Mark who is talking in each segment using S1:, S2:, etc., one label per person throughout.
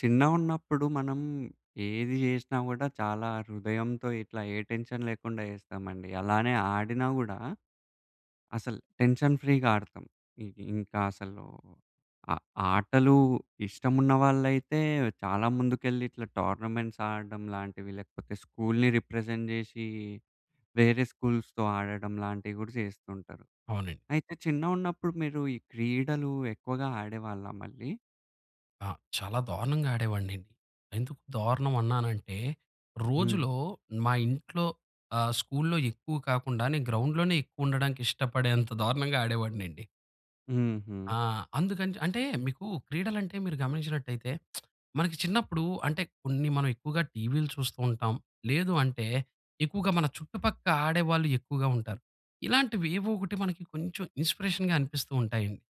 S1: చిన్నగున్నప్పుడు మనం ఏది జేసినా గూడా, చాలా హృదయంతో ఇట్లా ఏ టెన్షన్ లేకుండా జేస్తామండి. అలానే ఆడినా గూడా, అసల్ టెన్షన్ ఫ్రీగా ఆడతాం. ఇ ఇంకా అసలు ఆ ఆటలు ఇష్టమున్న వాళ్ళైతే, చాలా ముందుకెళ్ళి ఇట్లా, టోర్నమెంట్స్ ఆడడం లాంటివి, లేకపోతే స్కూలుని రిప్రజెంట్ జేసి, వేరే స్కూ‌ల్స్‌‌తో ఆడడం లాంటివి గూడా జేస్తుంటారు.
S2: అవునండి.
S1: అయితే, చిన్నగున్నప్పుడు మీరు ఈ క్రీడలు ఎక్కువగా ఆడేవాళ్ళా మళ్ళీ?
S2: ఆ! చాలా దారుణంగా ఆడేవాడినండి. ఎందుకు దారుణం అన్నానంటే,
S1: హ్మ్.
S2: రోజులో మా ఇంట్లో, ఆహ్, స్కూలులో ఎక్కువ కాకుండా, నేను గ్రౌండ్‌లోనే ఎక్కువుండడానికి ఇష్టపడేంత దారుణంగా ఆడేవాడినండి.
S1: హుహు.
S2: ఆ! అందుకని చ్ అంటే, మీకు క్రీడలంటే మీరు గమనించినట్టయితే మనకి చిన్నప్పుడు అంటే, కొన్ని మనమెక్కువగా టీవీలు చూస్తూ ఉంటాం. లేదు అంటే, ఎక్కువగా మన చుట్టుపక్క ఆడేవాళ్ళు ఎక్కువగా ఉంటారు. ఇలాంటివి ఏవోకటి మనకి కొంచెం ఇన్స్‌పిరేషన్‌గా అనిపిస్తూ ఉంటాయండి.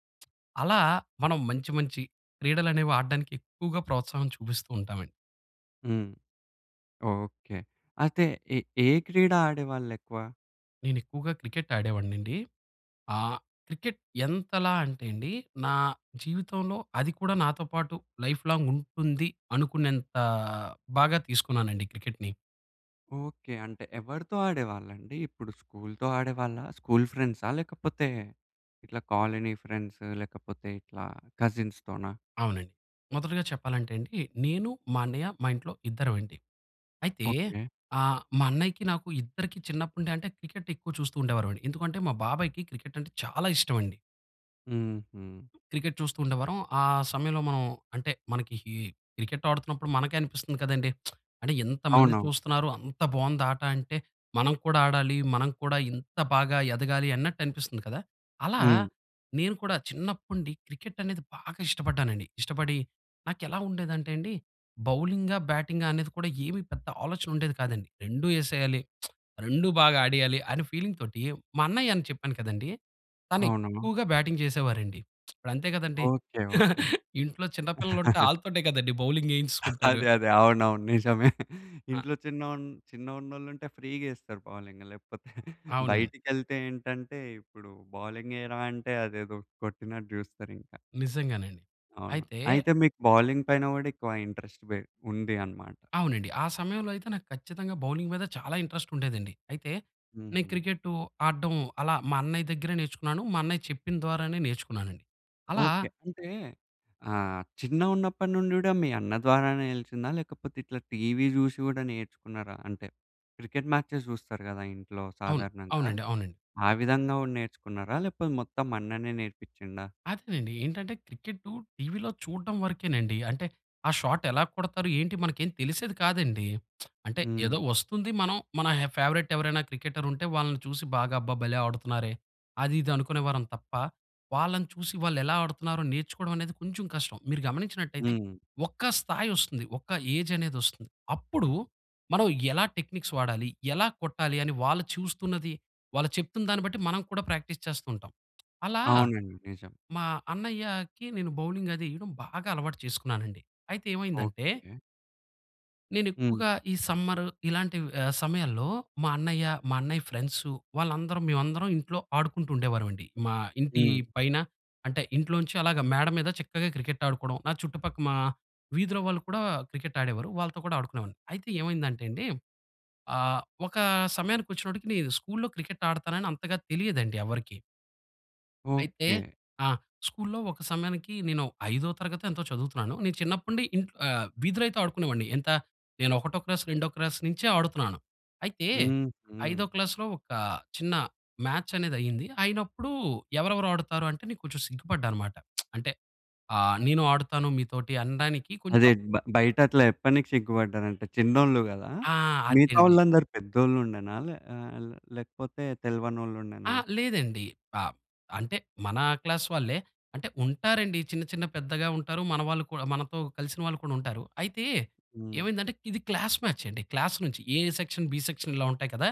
S2: అలా మనం మంచి, మంచి క్రీడలనేవి ఆడడానికి ఎక్కువగా ప్రోత్సాహం చూపిస్తూ ఉంటామండి.
S1: హ్మ్. ఓకె అయితే ఎ ఏ క్రీడ ఆడేవాళ్ళెక్కువ?
S2: నేను ఎక్కువగా క్రికెట్ ఆడేవాడినండి. ఆహ్, క్రికెట్ ఎంతలా అంటేనండి, నా జీవితంలో అది కూడా నాతో పాటు లైఫ్‌లాంగ్ ఉంటుంది అనుకున్నంత బాగా తీసుకున్నానండి క్రికెట్‌ని.
S1: ఓకె. అంటే ఎవరితో ఆడేవాళ్ళండి? ఇప్పుడు స్కూలుతో ఆడేవాళ్ళా, స్కూల్ ఫ్రెండ్సా? లేకపోతే, ఇట్లా కాలనీ ఫ్రెండ్సు లేకపోతే ఇట్లా కజిన్స్‌ తోనా?
S2: అవునండి. మొదటిగా చెప్పాలంటే అండీ, నేను మా అన్నయ్య మా ఇంట్లో ఇద్దరమండి. అయితే
S1: ఓకె.
S2: ఆహ్, మా అన్నయ్యకి నాకు ఇద్దరికి చిన్నప్పుడు అంటే క్రికెట్ ఎక్కువ చూస్తూ ఉండేవారం. ఎందుకంటే మా బాబాయికి క్రికెట్ అంటే చాలా ఇష్టం అండి.
S1: హుహు.
S2: క్రికెట్ చూస్తూ ఉండేవారం. ఆ సమయంలో మనం అంటే, మనకి ఈ క్రికెట్ ఆడుతున్నప్పుడు మనకే అనిపిస్తుంది కదండీ! అంటే ఎంతమంది
S1: అవునవును.
S2: చూస్తున్నారు అంత బావుందాట అంటే, మనం కూడా ఆడాలి, మనం కూడా ఇంత బాగా ఎదగాలి అన్నట్టు అనిపిస్తుంది కదా! అలా
S1: హ్మ్.
S2: నేను కూడా చిన్నప్పటి నుండి క్రికెట్ అనేది బాగా ఇష్టపడ్డానండి. ఇష్టపడి నాకెలా ఉండేదంటే అండి, బౌలింగా? బ్యాటింగా? అనేది కూడా ఏమీ పెద్ద ఆలోచన ఉండేది కాదండి. 2 ఏసేయాలి, 2 బాగా ఆడేయాలి అని ఫీలింగ్ తోటి. మా అన్నయ్య అని చెప్పాను కదండీ, తను
S1: అవునును.
S2: ఎక్కువగా బ్యాటింగ్ చేసేవారండి. అంతే కదండి,
S1: ఓకె, ఓకె.
S2: ఇంట్లో చిన్న పిల్లలు ఉంటే ఆళ్ళతోటే కదండి బౌలింగ్ ఏయించుకుంటారు.
S1: అదే, అదే అవునవును నిజమే.
S2: ఆ!
S1: ఇంట్లో చిన్న చిన్నగా ఉన్నోళ్ళు ఉంటే ఫ్రీగా ఏస్తారు బౌలింగు లేకపోతే
S2: అవునండి.
S1: బయటికెళ్తే ఏంటంటే ఇప్పుడు బౌలింగ్ ఏయిరా అంటే అదేదో కొట్టినట్టు జూస్తారింక.
S2: నిజంగానండి.
S1: అవును.
S2: అయితే
S1: అయితే మీకు బౌలింగ్ పైన కూడా ఎక్కువ ఇంట్రస్ట్ పె ఉంది అనమాట.
S2: అవునండి. ఆ సమయంలో అయితే నాకు ఖచ్చితంగా బౌలింగ్ మీద చాలా ఇంట్రెస్టుండేదండి. అయితే నేను
S1: హ్మ్.
S2: క్రికెట్టు ఆడటం, అలా మా అన్నయ్య దగ్గరె నేర్చుకున్నాను. మా అన్నయ్య చెప్పిన ద్వారానే నేర్చుకున్నానండి. అలా
S1: ఓకె అంటే ఆహ్, చిన్నగున్నప్పటి నుండి కూడా మీ అన్న ద్వారానే ఎలిసిందా? లేకపోతే ఇట్లా టీవీ చూషి గూడా నేర్చుకున్నారా? అంటే క్రికెట్ మాచెస్ చూస్తారు కదా ఇంట్లో
S2: అవును.
S1: సాధారణంగా.
S2: అవునండి, అవునండి.
S1: ఆ విధంగా గూడా నేర్చుకున్నారా? లేకపోతే మొత్తం అన్ననే నేర్పించిండా?
S2: అదేనండి, ఏంటంటే క్రికెట్టు టీవీలో చూడడం వరకేనండి. అంటే ఆ షాట్ ఎలా కొడతారు, ఏంటి మనకేం తెలిసేది కాదండి. అంటే
S1: హ్మ్.
S2: ఏదో వస్తుంది, మనం మన హ ఫేవరైట్ ఎవరైనా క్రికెటర్ ఉంటే వాళ్ళని చూసి బాగా అబ్బా భలే ఆడుతున్నారే, అది ఇది అనుకునేవారం తప్ప, వాళ్ళని చూసి వాళ్ళు ఎలా ఆడుతున్నారో నేర్చుకోవడం అనేది కొంచెం కష్టం. మీరు గమనించినట్లయితే
S1: హ్మ్.
S2: ఒక స్థాయి వస్తుంది, ఒక ఏజనేది వస్తుంది. అప్పుడు మనం ఎలా టెక్నిక్స్ వాడాలి, ఎలా కొట్టాలి అని వాళ్ళు చూస్తున్నది, వాళ్ళు చెప్తున్న దాన్ని బట్టి మనం కూడా ప్రాక్టీస్ చేస్తూ ఉంటాం. అలా
S1: అవునండి నిజం.
S2: మా అన్నయ్యకి నేను బౌలింగది ఏయడం బాగా అలవాటు చేసుకున్నానునండి. అయితే ఏమైందంటే
S1: ఓకె. హ్మ్.
S2: నేనెక్కువగా ఈ సమ్మరు ఇలాంటి వ్ ఆహ్, సమయాల్లో మా అన్నయ్య, మా అన్నయ్య ఫ్రెండ్స్ వాళ్ళందరం మేమందరం ఇంట్లో ఆడుకుంటూ ఉండేవారమండి. మా ఇంటి
S1: హ్మ్.
S2: పైన అంటే ఇంట్లోంచి అలాగ మేడ మీద చక్కగా క్రికెట్ ఆడుకోవడం. నా చుట్టుపక్క మా వీధిలో వాళ్ళు కూడా క్రికెట్ ఆడేవారు. వాళ్ళతో కూడా ఆడుకునేవాడిని. అయితే ఏమైందంటే అండి, ఆహ్, ఒక సమయానికొచ్చినప్పటికి నేను స్కూలులో క్రికెట్ ఆడతానని అంతగా తెలియదండి ఎవరికీ. అయితే
S1: ఓకే.
S2: ఆ! స్కూలులో ఒక సమయానికి నేను 5 తరగతి ఎంతో చదువుతున్నాను. నేను చిన్నప్పటి నుండి ఇంట్లో ఆహ్, వీధిలో అయితే ఆడుకునేవాడిని. ఎంత నేను ఒకటో క్లాస్ రెండో క్లాస్ నుంచే ఆడుతున్నాను. అయితే,
S1: హుహు.
S2: ఐదో క్లాసులో ఒక చిన్న మ్యాచనేదయింది. అయినప్పుడు ఎవరెవరు ఆడుతారు అంటే, నేను కొంచెం సిగ్గుపడ్డానమాట. అంటే ఆహ్, నేను ఆడుతాను మీతోటి అనడానికి
S1: అదే
S2: కొంచెం
S1: బ బయట అట్లా చెప్పనికి సిగ్గు పడ్డారంట చిన్నోళ్ళు గదా!
S2: ఆ!
S1: మిగతా
S2: అదండి.
S1: వాళ్ళందరూ పెద్దోళ్ళు ఉండెనా? లే ఆహ్, లే లేకపోతే తెలవనోళ్ళుండేనా?
S2: అహా! లేదండి. ఆహ్, అంటే మన క్లాస్ వాళ్ళే. అంటే ఉంటారండి చిన్న, చిన్న పెద్దగా ఉంటారు. మన వాళ్ళు కూడా మనతో కలిసిన వాళ్ళు కూడా ఉంటారు. అయితే
S1: హ్మ్.
S2: ఏమైందంటే, ఇది క్లాస్ మ్యాచండి. క్లాస్ నుంచి ఏ సెక్షన్, బి సెక్షన్ ఇలా ఉంటాయి కదా!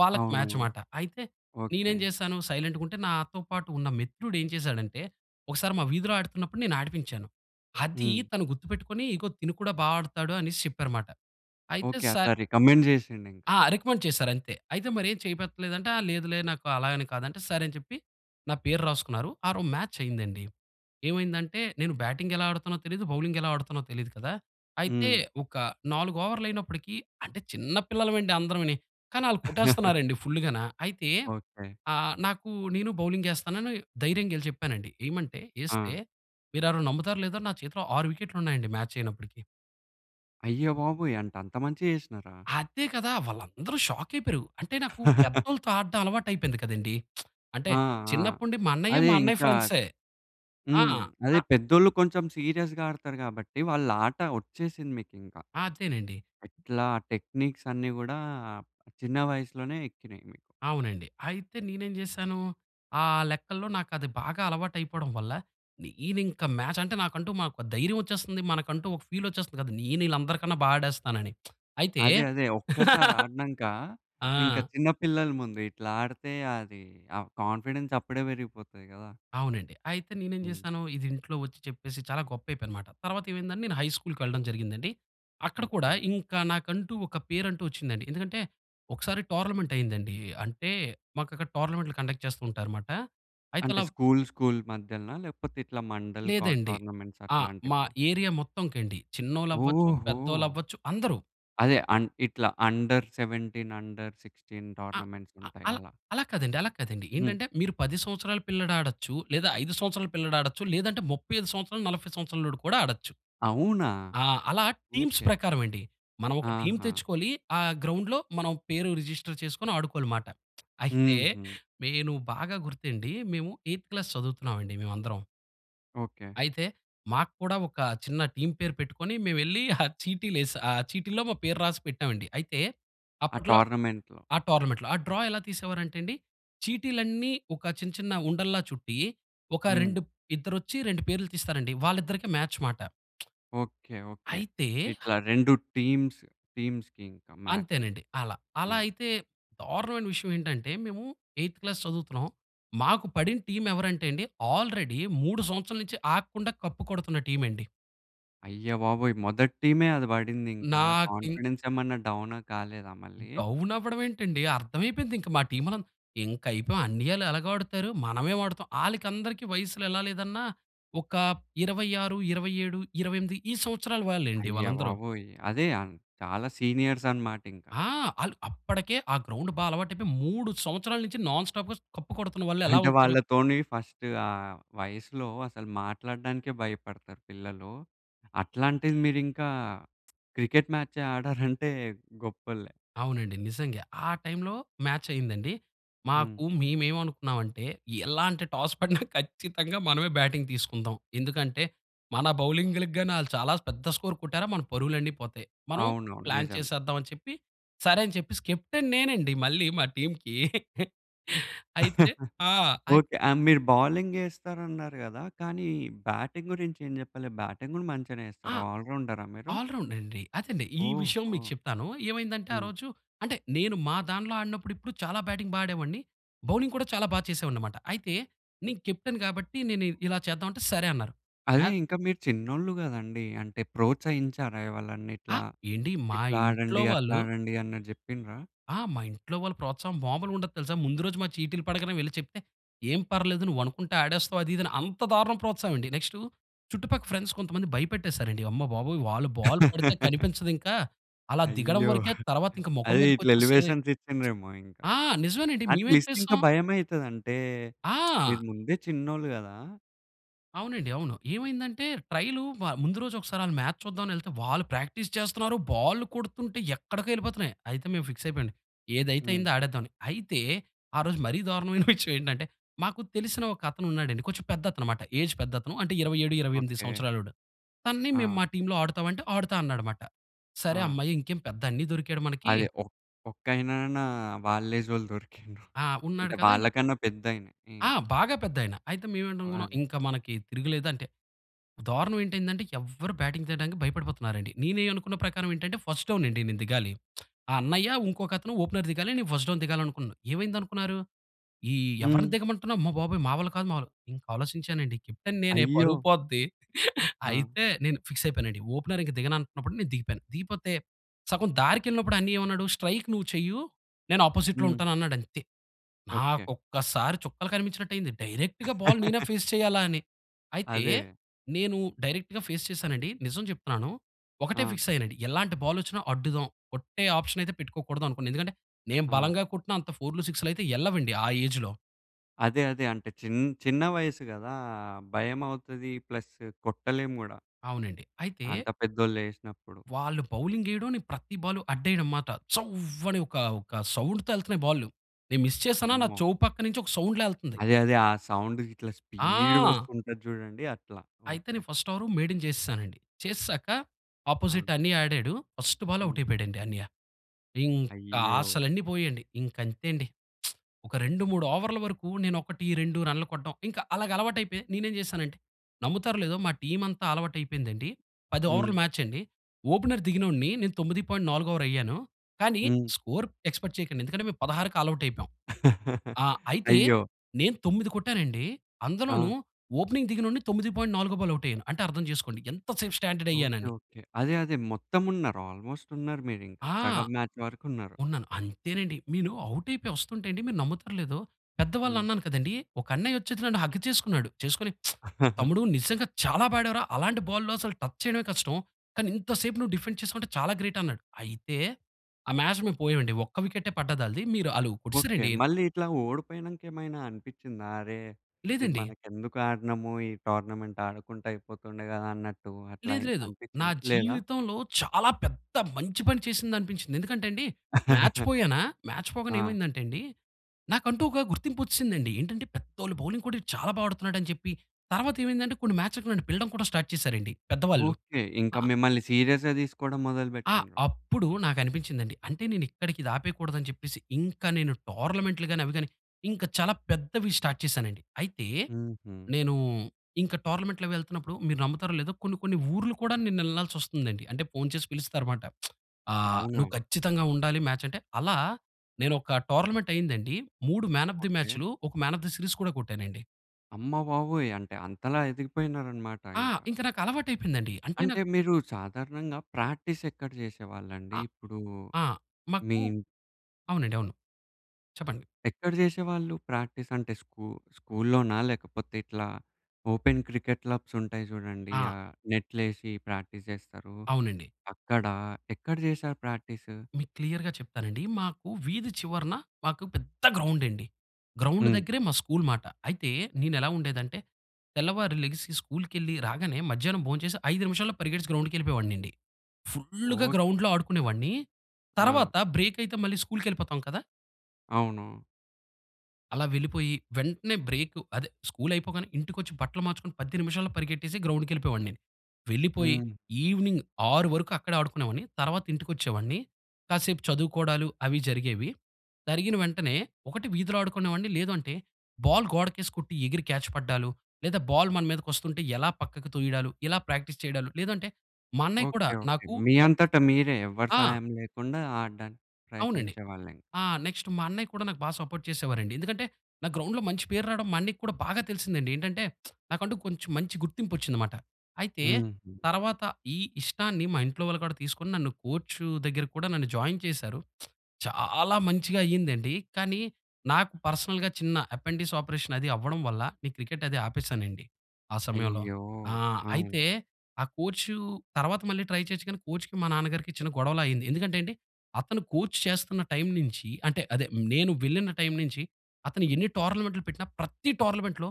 S2: వాళ్ళకి
S1: అవునా!
S2: మ్యాచ్ మాట. అయితే
S1: ఓకే.
S2: నేనేం జేశాను సైలెంట్‌గుంటే నాతో పాటు ఉన్న మిత్రుడు ఏం చేశాడంటే, ఒకసారి మా వీధిలో ఆడుతున్నప్పుడు నేను ఆడిపించాను. అది
S1: హ్మ్.
S2: తను గుర్తుపెట్టుకొని,"ఇదిగో తిను కూడా బాగా ఆడుతాడు" అనేసి చెప్పారనమాట. అయితే
S1: ఓకే
S2: సార్
S1: అట్లా రికమెండ్ జేసిండింక.
S2: ఆ! రికమెండ్ చేసారంతే. అయితే మరి ఏం చేయిపెట్టలేదంటే, ఆ! లేదులే నాకు అలా అని కాదు అంటే సరే, అని చెప్పి నా పేరు రాసుకున్నారు. ఆ రోజు మ్యాచయిందండి. ఏమైందంటే నేను బ్యాటింగెలా ఆడుతునో తెలియదు, బౌలింగెలా ఆడుతునో తెలియదు కదా! అయితే,
S1: హ్మ్.
S2: ఒక 4 ఓవర్లు అయినప్పటికీ అంటే చిన్న పిల్లలమండి అందరంవుని. కానీ ఆళ్ళు కొట్టేస్తున్నారు అండి ఫుల్లుగాన. అయితే
S1: ఓకే.
S2: ఆ! నాకు నేను బౌలింగేస్తానని ధైర్యంగెళ్ళి చెప్పానండి. ఏయమంటే, ఏస్తే
S1: ఆ!
S2: మీరెవరైన నమ్ముతారో లేదో నా చేతిలో 6 వికెట్లుంన్నాయండి మ్యాచయినప్పటికి.
S1: అయ్యబాబోయ్! అంటే అంత మంచిగ చేషినారా?
S2: అదే కదా! వాళ్ళందరు షాక్కయిపోయారు. అంటే, నాకు పెద్దోలతో ఆడడం అలవాటయిపోయింది కదండి! అంటే,
S1: ఆ! ఆ!
S2: చిన్నప్పుండి మా అన్నయ్య,
S1: అదే.
S2: మా అన్నయ్య
S1: ఇంకా
S2: ఫ్రెండ్సే. ఆ!
S1: హ్మ్. అదే
S2: తా
S1: పెద్దోళ్ళు కొంచం సీరియస్‌గా ఆడతారు గాబట్టి, వాళ్ళాట ఒచ్చేసింది మీకింక.
S2: అదేనండి.
S1: ఎట్లా టెక్నిక్సన్నీ గూడా చిన్న వయసులోనే ఎక్కినియి మీకు.
S2: అవునండి. అయితే, నేనేం జేశాను ఆహ్, లెక్కల్లో నాకది బాగా అలవాటయిపోడం వల్ల, నేనింక మ్యాచంటే, నాకంటూ మాకో ధైర్యవొచ్చేస్తంది, మనకంటూ ఒక ఫీలొచ్చేస్తది కదా! నేను ఈళ్ళందరికన్నా బా ఆడేస్తానని. అయితే
S1: అదే. అదే. ఒక్కసారి ఆడినంకా,
S2: ఆ!
S1: ఇంక చిన్న పిల్లల ముందు ఇట్లా ఆడతే అదీ, ఆ కాన్ఫిడెన్స్ అప్పుడే పెరిగిపోతాయి గదా!
S2: అవునండి. అయితే నేనేం
S1: హ్మ్.
S2: జేశానూ, ఇదింట్లో ఒచ్చి చెప్పేసి చాలా గొప్పయిపోయానమాట. తర్వాతేవైందంటే, నేను హై స్కూలుకు వెళ్ళడం జరిగిందండి. అక్కడ కూడా
S1: ఓకే.
S2: ఇంక నాకంటూ ఒక పేరంటూ ఒచ్చిందండి. ఎందుకంటే, ఒకసారి టోర్నమెంటయిందండీ. అంటే, మాకక్కడ టోర్నమెంట్లు కండక్ట్ చేస్తూ ఉంటారుమాట. అయితే
S1: అంటే
S2: లవ్
S1: స్కూలు, స్కూలు మధ్యలనా? లేపోతే, ఇట్లా మండల్ కాట్
S2: లేదండి.
S1: టోర్నమెంట్స్
S2: ఆ! మా
S1: అట్లాంటివి?
S2: ఏరియా మొత్తంకండి. చిన్నోళ్ళవ్వచ్చు,
S1: ఓహో!
S2: పెద్దోళ్ళవ్వచ్చు అందరూ.
S1: అదే. అన్ ఇట్లా అండర్ 17, అండర్ 16
S2: ఆహ్, ఆహ్
S1: టోర్నమెంట్సుంటయి,
S2: అలా
S1: అలా.
S2: అలా కాదండి, అలా కాదండి.
S1: హ్మ్.
S2: ఏంటంటే, మీరు 10 సంవత్సరాల పిల్లాడాడచ్చు, లేదా 5 సంవత్సరాల పిల్లాడాడచ్చు, లేదంటే 35 సంవత్సరాలు, 40 సంవత్సరాలోడు కూడా ఆడచ్చు.
S1: అవునా!
S2: ఆ! అలా టీమ్స్
S1: ఓకే.
S2: ప్రకారవండి. మనవొక టీమ్
S1: ఆహా!
S2: తెచ్చుకొలీ, ఆ గ్రౌండ్‌లో మనం పేరు రిజిస్టర్ చేసుకొని ఆడుకోలిమాట. అయితే,
S1: హుహు.
S2: మేనూ బాగా గుర్తండి, మేము ఎయిత్ క్లాస్ చదువుతున్నావండి మేవందరం.
S1: ఓకె.
S2: అయితే మాకు కూడా ఒక చిన్న టీమ్ పేరు పెట్టుకొని మేం ఎళ్ళి ఆ చీటీలేస్ ఆహ్, చీటీలో మా పేరు రాసి పెట్టాం అండి. అయితే
S1: ఆ
S2: అప్పట్లో
S1: టో‌ర్నమెంట్‌లో.
S2: ఆ! టోర్నమెంట్‌లో. ఆ డ్రా ఎలా తీసేవారు అంటే అండి చీటీలన్నీ ఒక చిన్న చిన్న ఉండల్లా చుట్టి ఒక
S1: హ్మ్.
S2: 2 ఇద్దరొచ్చి 2 పేర్లు తీస్తారండి వాళ్ళిద్దరికి మ్యాచ్ మాట.
S1: ఓకె. ఓకె.
S2: అయితే అ!
S1: ఇట్లా 2 టీమ్స్ టీమ్స్‌కి ఇంకా మ్యాచ్.
S2: అంతేనండి. అలా.
S1: ఆ!
S2: అలా అయితే దారుణమైన విషయం ఏంటంటే మేము ఎయిత్ క్లాస్ చదువుతున్నాం. మాకు పడిన టీమ్ ఎవరంటే అండి ఆల్రెడీ 3 సంవత్సరాల నుంచి ఆగకుండా కప్ కొడుతున్న టీమండి.
S1: అయ్య బాబోయ్! మొదటి టీమే అది బడిందింకా
S2: నాకిం
S1: కాన్ఫిడెన్సేమన్నా డౌను కాలేదా మళ్ళీ?
S2: డౌనవ్వడం ఏంటండి అర్థం అయిపోయింది ఇంక మా టీమ్ మనం ఇంకా అయిపోయాం అన్నీయాళ్ళు ఎలాగొ ఆడుతారు. మనవేం ఆడుతాం. ఆళ్ళకి అందరికి వయసులు ఎలా లేదన్నా ఒక 26, 27, 28 ఈ సంవత్సరాలు వాళ్ళే అండి
S1: అయ్య
S2: వాళ్ళందరూ.
S1: బాబోయ్! అదే అన్, చాలా సీనియర్సనమాటింకా.
S2: ఆ! ఆళ్ళు అప్పటికే ఆ గ్రౌండ్ బా అలవాటు అయిపోయి 3 సంవత్సరాల నుంచి నాన్ స్టాప్‌గా కప్పు కొడుతున్న వాళ్ళు ఎలా
S1: అంటే
S2: ఉంటారు?
S1: వాళ్ళతోని ఫస్టు ఆహ్, వయసులో అసలు మాట్లాడానికే భయపడతారు పిల్లలు. అట్లాంటిది మీరింకా క్రికెట్ మ్యాచే ఆడారంటే గొప్పోల్లే.
S2: అవునండి. నిజంగా. ఆ టైంలో మ్యాచయిందండి.
S1: హ్మ్.
S2: మాకు మేమేమనుకున్నాం అంటే ఎలాంటి టాస్ పడిన ఖచ్చితంగా మనమే బ్యాటింగ్ తీసుకుందాం. ఎందుకంటే మన బౌలింగ్‌‌లగాని ఆళ్ళు చాలా పెద్ద స్కోర్ కొట్టారా మన పరువులన్ని పోతాయి. మనం
S1: అవునవును.
S2: ప్లాన్
S1: నిజమే.
S2: చేసేద్దాం అని చెప్పి సరే అని చెప్పేసి కెప్టెన్ నేనండి మళ్ళీ మా టీమ్‌కి. అయితే ఆ! అయి
S1: ఓకె. ఆహ్, మీరు బౌలింగ్ ఏస్తారు అన్నారు గదా! కానీ బ్యాటింగ్ గురించి ఏం జెప్పలే? బ్యాటింగ్ గూడా మంచిగనే
S2: ఆ!
S1: చెస్తారా? ఆల్ రౌండరా మీరు?
S2: ఆల్ రౌండండి. అదేండి. ఈ విషయం
S1: ఓహో!
S2: మీకు చెప్తాను. ఏమైందంటే ఆ
S1: హ్మ్.
S2: రోజు అంటే నేను మా దానీలో ఆడినప్పుడు ఇప్పుడు చాలా బ్యాటింగ్ బా ఆడేవాడిని బౌలింగ్ కూడా చాలా బా చేసేవాడినన్నమాట. అయితే నేను కెప్టెన్ కాబట్టి నేను ఇలా చేద్దాం అంటే సరే అన్నారు. మ్యా
S1: అదే ఇంకా మీరు చిన్నోళ్ళు గదండీ! అంటే ప్రోత్సహించారా ఎవలన్నా
S2: అ!
S1: ఇట్లా
S2: ఏండి మా ఇంట్లో
S1: ఇట్లాడండి,
S2: వాళ్ళు
S1: అట్లాడండి అని జెప్పిండ్రా?
S2: ఆ! మా ఇంట్లో వాళ్ళ ప్రోత్సాహం మాములుగా ఉండదు తెలుసా! ముందు రోజు మా చీటీలు పడగానే వెళ్లి చెప్తే "ఏం పర్లేదు నువ్వనుకుంటే ఆడేస్తావు." అది ఇది అని అంత దారుణం ప్రోత్సాహం అండి. నెక్టు చుట్టుపక్క ఫ్రెండ్స్ కొంతమంది భయపెట్టేసారు అండి. "అమ్మ బాబోయ్! వాళ్ళు బాలు పడితే కనిపించదు ఇంకా. అలా దిగడం
S1: అయ్యో!
S2: వరకే తర్వాత ఇంకా మొఖం
S1: అదే
S2: మీదకి
S1: ఇట్లా
S2: వచ్చేస్తది."
S1: ఎలివేషన్స్ ఇచ్చిండ్రేమో ఇంకా.
S2: ఆ! నిజమేనండి.
S1: ఆ
S2: మేవేం
S1: ట్విస్టింక
S2: చేశాం
S1: భయం అయితది. అంటే, మీరు
S2: ఆ!
S1: ముందే చిన్నోళ్ళు గదా!
S2: అవునండి, అవును. ఏమైందంటే, ట్రైలు మ ముందు రోజు ఒకసారి మ్యాచ్ చూద్దామని వెళ్తే, వాళ్ళు ప్రాక్టీస్ చేస్తున్నారు. బాల్లు కొడుతుంటే ఎక్కడికో వెళ్ళిపోతున్నాయి. అయితే మేము ఫిక్స్ అయిపోయింది, ఏదైతే
S1: హ్మ్.
S2: అయిందో ఆడేద్దామని. అయితే ఆ రోజు మరీ దారుణమైన విషయం ఏంటంటే, మాకు తెలిసిన ఒక అతనున్నాడండి, కొంచెం పెద్ద అతను అన్నమాట. ఏజ్ పెద్దతను అంటే 27, 28
S1: ఓకె.
S2: సంవత్సరాలోడు. తనని మేము
S1: ఆ!
S2: మా టీమ్‌లో ఆడుతావా అంటే ఆడుతా అన్నాడు మాట. సరే,
S1: ఆ!
S2: హమ్మయ్య ఇంకేం పెద్ద అన్నియ దొరికాడు మనకి
S1: అదే. ఒక్ ఒక్కాయనన్నా వాళ్ళేజ్ వాళ్ళు దొరికిండ్రు.
S2: ఆ! ఉన్నాడు
S1: అంటే
S2: కదా! ఇ
S1: వాళ్ళకన్నా పెద్దాయనే. హ్మ్.
S2: ఆ! బాగా పెద్దయన. అయితే
S1: ఓహ్!
S2: మేవెంటనుకున్నాం,
S1: అది.
S2: ఇంక మనకి తిరగులేదు అంటే దారుణం ఏంటయ్యిదంటే ఎవరు బ్యాటింగ్ చేయడానికి భయపడిపోతున్నారండి. నేనేం అనుకున్న ప్రకారం ఏంటంటే, ఫస్ట్ డౌన్ అండి నేను దిగాలి. ఆ అన్నయ్య ఇంకొక అతను ఓపెనర్ దిగాలి, నేను ఫస్ట్ డౌన్ దిగాలనుకున్నాను. ఏమైందనుకున్నారు. ఈ ఎవరిని
S1: హ్మ్.
S2: దిగమంటున్నా, "అమ్మ బాబోయ్! మా వల్ల కాదు మా వల్ల కా" ఇంక ఆలోచించానండి, కెప్టెన్ నేనే పరువు
S1: అయ్యో!
S2: పోద్ది.
S1: ఆ!
S2: అయితే నేను ఫిక్స్ అయిపోయానండి, ఓపెనర్ ఇంక దిగనంటన్నప్పుడు, నేను దిగిపోయాను. దిగిపోతే సగం దారికెళ్ళినప్పుడు అన్నియ్యేమన్నాడు, "స్ట్రైక్ నువ్వు చెయ్యు నేను అపోజిట్‌లో
S1: హ్మ్.
S2: ఉంటాను" అన్నాడు అంతే.
S1: ఓకె.
S2: నాకు ఒక్కసారి చుక్కలు కనిపించినట్టయింది. డైరెక్ట్‌గా బాల్ నేనే ఫేస్ చేయాలా అని. అయితే
S1: అదే.
S2: నేను డైరెక్ట్‌గా ఫేస్ చేశానండి. నిజం చెప్తున్నాను, ఒకటే
S1: ఆ!
S2: ఫిక్స్ అయ్యానండి. ఎలాంటి బాలొచ్చిన అడ్డుదాం, కొట్టే ఆప్షన్ అయితే పెట్టుకోకూడదు అనుకున్న. ఎందుకంటే నేను
S1: ఆ!
S2: బలంగా కొట్టిన అంత ఫోర్లు సిక్సులు అయితే ఎల్లవండి ఆ ఏజ్‌లో.
S1: అదే. అదే. అంటే, చిన్ చిన్న వయసు గదా! భయమవుతదీ ప్లస్ కొట్టలేం గూడా.
S2: అవునండి. అయితే
S1: అంత పెద్దోళ్ళేసినప్పుడు.
S2: వాళ్ళు బౌలింగెయడం, నేను ప్రతి బాలు అడ్డెయడంమాట. చ్చవ్వని ఒకా, ఒక సౌండుతో యెళ్తన్నయి బాల్లు. నేను మిస్ చేశానా, నా
S1: అమ్మో!
S2: చెవు పక్కనించొక సౌండ్‌లా యెళ్తంది.
S1: అదే. అదే. ఆ సౌండు ఇట్లా
S2: ఆ!
S1: స్పీడుగొస్తుంటది జూడండి అట్లా.
S2: అయితే,
S1: ఓకే.
S2: నేను ఫస్టవరూ మేడిన్ జేసేశానండి. చేసేశాక,
S1: ఆ!
S2: అపోజిట్టన్నయ్య ఆడాడు, ఫస్టు
S1: హ్మ్.
S2: బాలౌటయిపోయాడండి అన్నయ్య. ఇంక
S1: అయ్యో!
S2: ఆశలన్నీ పోయాయండి. ఇంకంతేండి. ఒక 2, 3 ఓవర్ల వరకు నేను 1, 2 రన్లు కొట్టడం. ఇంక అలాగలవాటయిపోయి, నేనేం జేశానంటే, నమ్ముతారో లేదో మా టీమంతా ఆలవుటయిపోయిందండి. పదోవర్ల
S1: హ్మ్.
S2: మ్యాచండి, ఓపెనర్ దిగినొడిని, నేను 9.4 ఓవరయ్యాను, కానీ
S1: హ్మ్.
S2: స్కోర్ ఎక్స్‌పెక్ట్ చెయకండి. ఎందుకంటే, మేము 16కి ఆలవుటయిపోయాం. ఆ! అయితే,
S1: అయ్యో!
S2: నేను 9 కొట్టానండీ, అందులోనూ
S1: ఆ!
S2: ఓపెనింగ్ దిగినోడిని తొమ్మిది పాయింట్ నాలుగో బాల్ అవుటయ్యాను. అంటే, అర్థం చేసుకోండి ఎంత సేపు
S1: ఓకే.
S2: స్టాండర్డయ్యానని.
S1: ఓకె. అదే, అదే మొత్తమున్నారు. ఆల్మోస్టున్నారు మీరింక.
S2: ఆ!
S1: సగం మ్యాచ్ వరకున్నారు.
S2: ఉన్నాను. అంతేనండి. మీను ఔటయిపోయొస్తంటే అండి, మీరు నమ్ముతారో లేదో, పెద్ద
S1: హ్మ్.
S2: వాళ్ళన్నాను కదండీ, ఒకన్నయ్యొచ్చేసి నన్ను హగ్ చేసుకున్నాడు. చేసుకొని "తమ్ముడు నిజంగా చాలా బా ఆడావు రా. అలాంటి బాల్లు అసలు టచ్ చెయడమే కష్టం, కానీ ఇంత సేపు నువ్వు డిఫెండ్ చేసుకుంటా చాలా గ్రేటన్నాడు." అయితే, ఆ మ్యాచ్‌ మేము పోయామండి. ఒక్క వికెట్టే పడ్డదాళ్ళది. మీరు ఆళ్ళూ
S1: ఓకే.
S2: కొట్టేసారండి.
S1: మళ్ళీ ఇట్లా ఓడిపోయినంకేమైనా అనిపిచ్చిందా? "అరే! ఇది
S2: లేదండి.
S1: మనకెందుకాడినాము ఈ టొర్నమెంట్, ఆడకుంటే అయిపోతుండే గదా!" అన్నట్టు అట్లా
S2: లేదు,
S1: ఎన్
S2: లేదు. నా
S1: అనిపిచ్చిందా? లేదా?
S2: జీవితంలో చాలా పెద్ద మంచి పని చేసిందనిపించింది. ఎందుకంటే అండి, మ్యాచ్ పోయానా! మ్యాచ్ పోగానే
S1: ఆ!
S2: ఏమైందంటే అండీ, నాకంటూ ఒక గుర్తింపొచ్చేసిందండి. ఏంటంటే, పెద్దోళ్ళ బౌలింగ్ కూడా ఈడు చాలా బా ఆడతన్నాడని చెప్పి. తర్వాతేమైందంటే, కొన్ని మ్యాచ్‌లకి నన్ను పిలడం కూడా స్టార్ట్ చేసారండి పెద్దవాళ్ళు.
S1: ఓకే. ఇంక
S2: ఆ
S1: మిమ్మలిని సీరియస్‌గా తీసుకోడం మొదలు
S2: ఆ!
S1: పెట్టిండ్రు.
S2: అప్పుడు నాకనిపించిందండి, అంటే, నేనిక్కడికిది ఆపేయకూడదని చెప్పేసి. ఇంక నేను టోర్నమెంట్లు గానీ, అవి గానీ, ఇంక చాలా పెద్దవి స్టార్ట్ చేశానండి. అయితే,
S1: హుహు.
S2: నేనూ ఇంక టోర్నమెంట్‌లవెళ్తన్నప్పుడు, మీరు నమ్ముతారో లేదో, కొన్ని కొన్ని ఊర్లు కూడా నేనెళ్ళాల్సొస్తందండి. అంటే, ఫోను చేసి పిలుస్తారుమాట. ఆహ్,
S1: అవునా!
S2: నువ్వు ఖచ్చితంగా ఉండాలి మ్యాచంటే, అలా నేనొక టొర్నమెంటయిందండి. 3 మ్యాన్ ఆఫ్ ది
S1: ఓకే.
S2: మ్యాచ్లు, ఒక మ్యాన్ ఆఫ్ ది సీరీస్ కూడా కొట్టానండి.
S1: అమ్మబాబోయ్! అంటే అంతలా ఎదిగిపోయినారనమాట
S2: ఆ!
S1: ఇంక.
S2: ఇంక నాకు అలవాటయిపోయిందండి. అంటే నాకు
S1: అంటే మీరు సాధారణంగా ప్రాక్టీస్ ఎక్కడ జేసేవాళ్ళండి?
S2: ఆహ్,
S1: ఇప్పుడు
S2: ఆ!
S1: మీ
S2: మాకు అవునండి అవును. చెప్పండి.
S1: ఎక్కడ జేసేవాళ్ళు ప్రాక్టీస్? అంటే స్కూ స్కూలులోనా లేకపోతే ఇట్లా ఓపెన్ క్రికెట్ క్లబ్స్ ఉంటాయి జూడండి
S2: ఆ!
S1: ఆ నెట్లేసి ప్రాక్టీస్ జేస్తారు
S2: అవునండి.
S1: అక్కడ? ఎక్కడ జేశారు ప్రాక్టీసు?
S2: మీ క్లియర్‌గా చెప్తానండి, మాకు వీధి చివరన మాకు పెద్ద గ్రౌండండి. గ్రౌండ్
S1: హ్మ్.
S2: దగ్గరే మా స్కూలు మాట. అయితే నేను ఎలా ఉండేది అంటే, తెల్లవారి లేగిసి స్కూలుకెళ్లి రాగానే మధ్యాహ్నం భోంచేసి 5 నిమిషాల్లో పరిగెట్టేసి గ్రౌండ్‌కెళ్ళిపోయెవాడినండి. ఫుల్‌గా
S1: ఓకె!
S2: గ్రౌండ్‌లో ఆడుకునేవాడిని.
S1: ఆ!
S2: తర్వాత బ్రేకయితే మళ్ళీ స్కూలుకెళ్ళిపోతాం కదా!
S1: అవును.
S2: అలా వెళ్ళిపోయి వెంటనే బ్రేకు అదే స్కూలు అయిపోగానే ఇంటికొచ్చి బట్టలు మార్చుకొని 10 నిమిషాల్లో పరిగెట్టేసి గ్రౌండ్‌కెళ్ళిపోయేవాడిని. వెళ్ళిపోయి
S1: హ్మ్.
S2: ఈవినింగ్ 6 వరకు అక్కడే ఆడుకునేవాడిని. తర్వాత ఇంటికొచ్చేవాడిని. కాసేపు చదువుకోడాలు అవి జరిగేవి. జరిగిన వెంటనే ఒకటి వీధిలో ఆడుకునేవాడిని, లేదూ అంటే బాల్ గోడకేసి కొట్టి ఎగిరి క్యాచ్ పడ్డాలు, లేదా బాల్ మన మీదకొస్తుంటే ఎలా పక్కకు తొయడాలు, ఇలా ప్రాక్టీస్ చేయడాలు, లేదంటే మా అన్నయ్య కూడా
S1: ఓకె, ఓకె
S2: నాకు
S1: మీ
S2: బా
S1: అంతట మీరే ఎవరి
S2: ఆ!
S1: సహాయం లేకుండా ఆడడానికి
S2: అవునండి,
S1: ప్రయత్నించేవాళ్ళే.
S2: ఆ! నెక్స్టు మా అన్నయ్య కూడా నాకు బా సపోర్ట్ చేసేవారండి. ఎందుకంటే నాకు గ్రౌండ్‌లో మంచి పేరు రాడం మా అన్నయ్యకి కూడా బాగా తెలిసింది అండి. ఏంటంటే, నాకంటూ కొంచెం మంచి గుర్తింపొచ్చింది మాట. అయితే
S1: హ్మ్.
S2: తర్వాత ఈ ఇష్టాన్ని మా ఇంట్లో వాళ్ళు కూడా తీసుకొని నన్ను కోచు దగ్గర కూడా నన్ను జాయిన్ చేసారు. చాలా మంచిగా అయిందండి. కానీ, నాకు పర్సనల్‌గా చిన్న ఎపెండిస్ ఆపరేషన్ అది అవ్వడం వల్ల ఈ క్రికెటది ఆపేసానండి ఆ సమయంలో.
S1: అయ్యో!
S2: ఆహ్, అయితే
S1: ఆ!
S2: ఆ కోచు తర్వాత మళ్ళీ ట్రై చేయొచ్చు, కానీ కోచ్‌కి మా నాన్నగారికి చిన్న గొడవలా అయింది. ఎందుకంటే అండి, అతను కోచ్ చేస్తున్న టైం నుంచి అంటే, అదే నేను వెళ్ళిన టైం నుంచి, అతను ఎన్ని టోర్నమెంట్లు పెట్టిన ప్రతి టోర్నమెంట్‌లో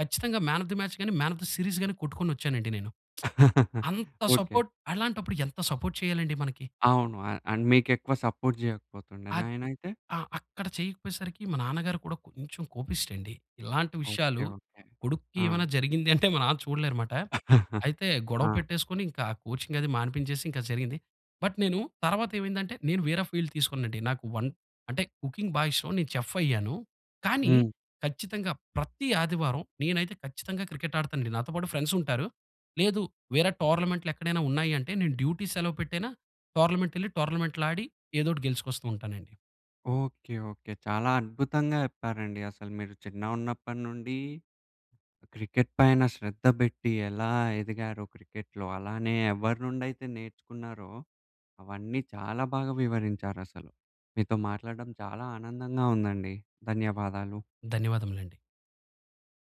S2: కచ్చితంగా మ్యాన్ ఆఫ్ ద మాచ్ గాని, మ్యాన్ ఆఫ్ ద సీరీస్ గాని కొట్టుకొని వచ్చానండి నేను. అంత
S1: ఓకె.
S2: సపోర్ట్ అలాంటప్పుడు ఎంత సపోర్ట్ చేయాలండి మనకి.
S1: అవును అన్ అంటే మీకెక్కువ సపోర్ట్ జేయకపోతుండేనా
S2: ఆది
S1: ఆయనయితే?
S2: ఆ! అక్కడ చేయకపోయేసరికి మా నాన్నగారు కూడా కొంచెం కోపిష్టండి. ఇలాంటి
S1: ఓకె,
S2: విషయాలు
S1: ఓకె.
S2: కొడుక్కి
S1: ఆ!
S2: ఏమైనా జరిగింది అంటే మా నాన్న చూడలేరుమాట. అయితే గొడవ
S1: ఆ!
S2: పెట్టేసుకొని ఇంకా కోచింగది మానిపించేసి ఇంకా జరిగింది. బట్ నేను తర్వాత ఏమైందంటే, నేను వేర ఫీల్డ్ తీసుకున్నానండి. నాకు వన్ అంటే కుకింగ్ బా ఇష్టం, నేను చెఫయ్యాను. కానీ,
S1: హ్మ్.
S2: ఖచ్చితంగా ప్రతి ఆదివారం నేనైతే ఖచ్చితంగా క్రికెట్ ఆడుతానండి. నాతో పాటు ఫ్రెండ్సుంటారు, లేదు వేరే టోర్నమెంట్లు ఎక్కడైనా ఉన్నాయి అంటే నేను డ్యూటీ సెలవు పెట్టైనా టోర్నమెంటెళ్లి, టోర్నమెంట్‌లో ఆడి ఏదోకటి గెలుచుకొస్తూ ఉంటానండి.
S1: ఓకే, ఓకే చాలా అద్భుతంగా చెప్పారండి అసలు మీరు చిన్నగున్నప్పటి నుండి క్రికెట్ పైన శ్రద్ధ పెట్టి ఎలా ఎదిగారో క్రికెట్‌లో. అలానే ఎవరి నుండి అయితే నేర్చుకున్నారో అవన్నీ చాలా బాగా వివరించారసలు. మీతో మాట్లాడడం చాలా ఆనందంగా ఉందండి. ధన్యవాదాలు.
S2: ధన్యవాదములండి.